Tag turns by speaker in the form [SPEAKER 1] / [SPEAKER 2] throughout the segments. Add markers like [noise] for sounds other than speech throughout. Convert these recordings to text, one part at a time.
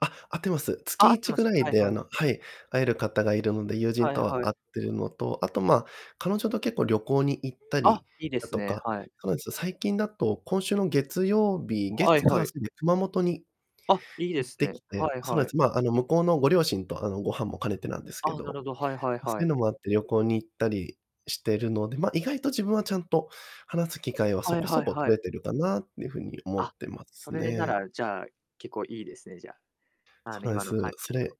[SPEAKER 1] あ、会ってます。つ
[SPEAKER 2] あ、あ
[SPEAKER 1] き
[SPEAKER 2] っ
[SPEAKER 1] い
[SPEAKER 2] て
[SPEAKER 1] ち
[SPEAKER 2] ま
[SPEAKER 1] ぐ
[SPEAKER 2] す、
[SPEAKER 1] らい
[SPEAKER 2] はい
[SPEAKER 1] で、あ
[SPEAKER 2] はい。
[SPEAKER 1] のはい、会える方がいるので、友人
[SPEAKER 2] はい
[SPEAKER 1] とは
[SPEAKER 2] は
[SPEAKER 1] 会っ
[SPEAKER 2] い。
[SPEAKER 1] てるのと、あと、ま、彼女と、結構、旅行に行ったり
[SPEAKER 2] あ、いいで
[SPEAKER 1] だ
[SPEAKER 2] す
[SPEAKER 1] と
[SPEAKER 2] ね、
[SPEAKER 1] か、
[SPEAKER 2] はい。
[SPEAKER 1] 彼女と、最近だと今週の月曜日
[SPEAKER 2] は
[SPEAKER 1] 月、
[SPEAKER 2] い
[SPEAKER 1] 火、
[SPEAKER 2] はい。
[SPEAKER 1] 水で熊本に
[SPEAKER 2] あ、いいで
[SPEAKER 1] 行っ
[SPEAKER 2] す
[SPEAKER 1] てき
[SPEAKER 2] ね。
[SPEAKER 1] て、
[SPEAKER 2] はい
[SPEAKER 1] そなえ
[SPEAKER 2] はい。
[SPEAKER 1] つまあ、あの、向こうのご両親と、あの、ご飯も兼ねてなんですけ
[SPEAKER 2] あ、なる
[SPEAKER 1] ど。
[SPEAKER 2] ほど、はいはい
[SPEAKER 1] ま、そ
[SPEAKER 2] は
[SPEAKER 1] ういう
[SPEAKER 2] い。
[SPEAKER 1] のもあって、旅行に行ったりしてるので、ま、意外と自分はちゃんと話す機会はそ
[SPEAKER 2] はい
[SPEAKER 1] こ
[SPEAKER 2] は
[SPEAKER 1] そ
[SPEAKER 2] い
[SPEAKER 1] こ
[SPEAKER 2] は
[SPEAKER 1] 取
[SPEAKER 2] い。
[SPEAKER 1] れてるかなっていう風に思っ
[SPEAKER 2] あ、
[SPEAKER 1] てま
[SPEAKER 2] そ
[SPEAKER 1] す
[SPEAKER 2] れな
[SPEAKER 1] ね。
[SPEAKER 2] ら、じゃあ、結構いいですね、じゃ、あの、
[SPEAKER 1] そなえ
[SPEAKER 2] 今の
[SPEAKER 1] す。
[SPEAKER 2] 感じ
[SPEAKER 1] そ
[SPEAKER 2] だと。
[SPEAKER 1] れ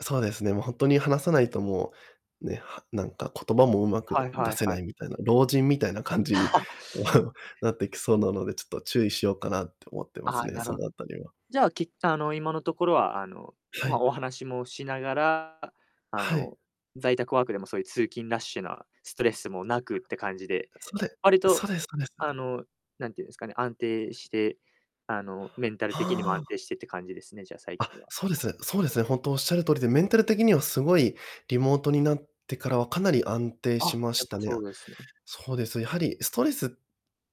[SPEAKER 1] そうですね、もう、ほんとに話さないともう、ね、はなんか言葉も上手
[SPEAKER 2] はい
[SPEAKER 1] く
[SPEAKER 2] は
[SPEAKER 1] 出
[SPEAKER 2] い
[SPEAKER 1] せ
[SPEAKER 2] は
[SPEAKER 1] な
[SPEAKER 2] い。
[SPEAKER 1] いみたいな、老人みたいな感じに、
[SPEAKER 2] [chuckles]
[SPEAKER 1] [chuckles] なってきそうなので、ちょっと注意しようかなって思ってま
[SPEAKER 2] あ
[SPEAKER 1] す
[SPEAKER 2] あ、
[SPEAKER 1] ね、
[SPEAKER 2] な
[SPEAKER 1] そ
[SPEAKER 2] る
[SPEAKER 1] の
[SPEAKER 2] ほど。
[SPEAKER 1] 辺りは。
[SPEAKER 2] じゃあ、きあの、今のところは、あの、
[SPEAKER 1] は
[SPEAKER 2] ま、
[SPEAKER 1] い。
[SPEAKER 2] お話もしながら、ああ
[SPEAKER 1] はい。
[SPEAKER 2] の、在宅ワークでも、そういう通勤ラッシュなストレスもなくって感じで、
[SPEAKER 1] はい。
[SPEAKER 2] 割
[SPEAKER 1] そうれそう
[SPEAKER 2] と、
[SPEAKER 1] です、そうです。
[SPEAKER 2] あの、なんて言うんですかね、安定して、あの、メンタル的にも
[SPEAKER 1] は
[SPEAKER 2] 安
[SPEAKER 1] あ。
[SPEAKER 2] 定してって感じですね、じゃあ、最
[SPEAKER 1] あ、
[SPEAKER 2] 近は。
[SPEAKER 1] そうです。そうですね、ほんとおっしゃる通りで、メンタル的にはすごい、リモートになってからはかなり安定
[SPEAKER 2] あ、
[SPEAKER 1] しま
[SPEAKER 2] や
[SPEAKER 1] し
[SPEAKER 2] っ
[SPEAKER 1] た
[SPEAKER 2] ぱ
[SPEAKER 1] にゃ。
[SPEAKER 2] そうですね。
[SPEAKER 1] そうです、やはりストレスっ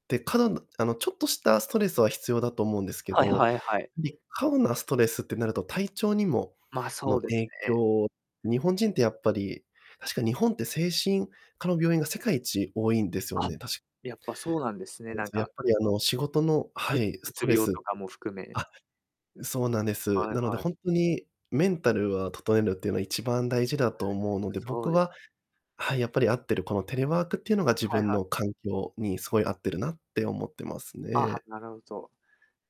[SPEAKER 1] て、過度のあの、ちょっとしたストレスは必要だと思うんですけ
[SPEAKER 2] はい
[SPEAKER 1] ど、
[SPEAKER 2] はいはい。
[SPEAKER 1] り過度なストレスってなると体調にも
[SPEAKER 2] まあ、そ
[SPEAKER 1] の、
[SPEAKER 2] うです
[SPEAKER 1] 影
[SPEAKER 2] ね。
[SPEAKER 1] 響、日本人ってやっぱり確か、日本って精神科の病院が世界一多いんですよ
[SPEAKER 2] あ、
[SPEAKER 1] ね、たし
[SPEAKER 2] やっぱそうなんです
[SPEAKER 1] あ
[SPEAKER 2] ね、
[SPEAKER 1] う
[SPEAKER 2] なん
[SPEAKER 1] すね、や
[SPEAKER 2] か
[SPEAKER 1] っぱりあの、仕事の
[SPEAKER 2] う
[SPEAKER 1] はい、
[SPEAKER 2] う
[SPEAKER 1] ス
[SPEAKER 2] つ
[SPEAKER 1] トレ
[SPEAKER 2] 病と
[SPEAKER 1] ス
[SPEAKER 2] かも含め
[SPEAKER 1] あ、そうなんです。
[SPEAKER 2] はい
[SPEAKER 1] なので、
[SPEAKER 2] はい。
[SPEAKER 1] ほんとにメンタルは、ととえるっていうの、一番大事だ
[SPEAKER 2] は
[SPEAKER 1] と思
[SPEAKER 2] あ、
[SPEAKER 1] う
[SPEAKER 2] やっ
[SPEAKER 1] の
[SPEAKER 2] ぱ、
[SPEAKER 1] で、
[SPEAKER 2] そ
[SPEAKER 1] 僕
[SPEAKER 2] うです。
[SPEAKER 1] ははい、やっぱり合ってる、このテレワークっていうのが自
[SPEAKER 2] はい
[SPEAKER 1] 分
[SPEAKER 2] はい。
[SPEAKER 1] の環境にすごい合ってるなって思ってます
[SPEAKER 2] あ、は、
[SPEAKER 1] ね。
[SPEAKER 2] なるほど。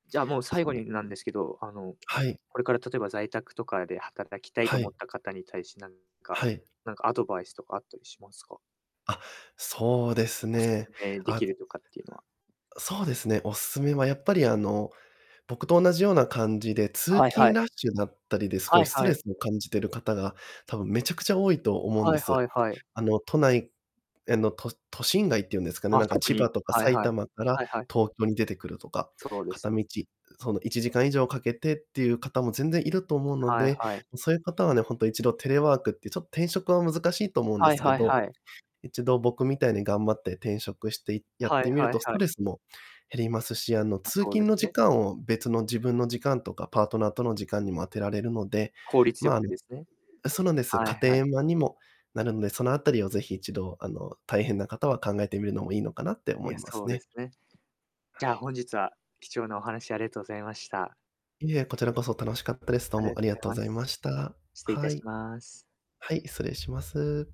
[SPEAKER 2] じゃあ、もう、最
[SPEAKER 1] そう、
[SPEAKER 2] 後
[SPEAKER 1] え、
[SPEAKER 2] になんですけど、あの、
[SPEAKER 1] はい。
[SPEAKER 2] これから、例えば在宅とかで働きたい
[SPEAKER 1] は
[SPEAKER 2] と思っ
[SPEAKER 1] い。
[SPEAKER 2] た方に対し、なんか
[SPEAKER 1] はい。
[SPEAKER 2] なんかアドバイスとかあったりしますか？
[SPEAKER 1] あ、そうです
[SPEAKER 2] お勧
[SPEAKER 1] ね。
[SPEAKER 2] めで
[SPEAKER 1] あ
[SPEAKER 2] きるとかっていうのは
[SPEAKER 1] そうですね、おすすめはやっぱり、あの、僕と同じような感じで、通
[SPEAKER 2] はいは
[SPEAKER 1] 勤
[SPEAKER 2] い。
[SPEAKER 1] ラッシュだったりで、すご
[SPEAKER 2] は
[SPEAKER 1] い
[SPEAKER 2] い
[SPEAKER 1] スト
[SPEAKER 2] は
[SPEAKER 1] レ
[SPEAKER 2] い。
[SPEAKER 1] スを感じてる方が、多分めちゃくちゃ多いと思うん
[SPEAKER 2] は
[SPEAKER 1] で
[SPEAKER 2] いは
[SPEAKER 1] す。
[SPEAKER 2] いはい。
[SPEAKER 1] あの、都内への、と都心外っていうんですかね？
[SPEAKER 2] あ、
[SPEAKER 1] なんか
[SPEAKER 2] 特
[SPEAKER 1] 千葉
[SPEAKER 2] に
[SPEAKER 1] とか
[SPEAKER 2] はい
[SPEAKER 1] 埼
[SPEAKER 2] はい。
[SPEAKER 1] 玉から
[SPEAKER 2] はいはい。
[SPEAKER 1] 東京に出てくるとか、
[SPEAKER 2] そうです
[SPEAKER 1] 片
[SPEAKER 2] ね。
[SPEAKER 1] 道、その1時間以上かけてっていう方も全然いると思うの
[SPEAKER 2] はい
[SPEAKER 1] で、
[SPEAKER 2] はい。
[SPEAKER 1] ん、そういう方はね、ほんと、一度テレワークって、ちょ転職は難しいと思うんで
[SPEAKER 2] はい
[SPEAKER 1] すけ
[SPEAKER 2] はい
[SPEAKER 1] ど、
[SPEAKER 2] はい。
[SPEAKER 1] 一度、僕みたいに頑張って転職して、いやっ
[SPEAKER 2] は
[SPEAKER 1] て
[SPEAKER 2] い
[SPEAKER 1] みる
[SPEAKER 2] はい
[SPEAKER 1] と、ス
[SPEAKER 2] は
[SPEAKER 1] ト
[SPEAKER 2] い。
[SPEAKER 1] レスも減りますし、あの、
[SPEAKER 2] ま、
[SPEAKER 1] 通
[SPEAKER 2] そうで
[SPEAKER 1] 勤
[SPEAKER 2] す
[SPEAKER 1] の
[SPEAKER 2] ね。
[SPEAKER 1] 時間を別の自分の時間とかパートナーとの時間にも当てられるので、
[SPEAKER 2] 効率よ
[SPEAKER 1] ま、あ
[SPEAKER 2] く
[SPEAKER 1] の
[SPEAKER 2] ですね。
[SPEAKER 1] え、そうなんです、
[SPEAKER 2] はい
[SPEAKER 1] 家庭
[SPEAKER 2] はい。
[SPEAKER 1] 円満にもなるんで、そのあたりをぜひ一度、あの、大変な方は考えてみるのもいいのかなって思
[SPEAKER 2] い
[SPEAKER 1] い
[SPEAKER 2] や、
[SPEAKER 1] ま
[SPEAKER 2] そ
[SPEAKER 1] す
[SPEAKER 2] うで
[SPEAKER 1] ね。
[SPEAKER 2] すね。じ
[SPEAKER 1] は
[SPEAKER 2] ゃあ、
[SPEAKER 1] い。
[SPEAKER 2] 本日は、貴重なお話ありがとうございました。
[SPEAKER 1] いえ、こちらこそ楽しかったです。どう
[SPEAKER 2] あり
[SPEAKER 1] も
[SPEAKER 2] が
[SPEAKER 1] あ
[SPEAKER 2] と
[SPEAKER 1] りが
[SPEAKER 2] ざい
[SPEAKER 1] とうござ
[SPEAKER 2] ま
[SPEAKER 1] いま
[SPEAKER 2] す。
[SPEAKER 1] した。
[SPEAKER 2] 失礼い
[SPEAKER 1] は
[SPEAKER 2] たし
[SPEAKER 1] い。
[SPEAKER 2] ます。
[SPEAKER 1] はい、失礼します。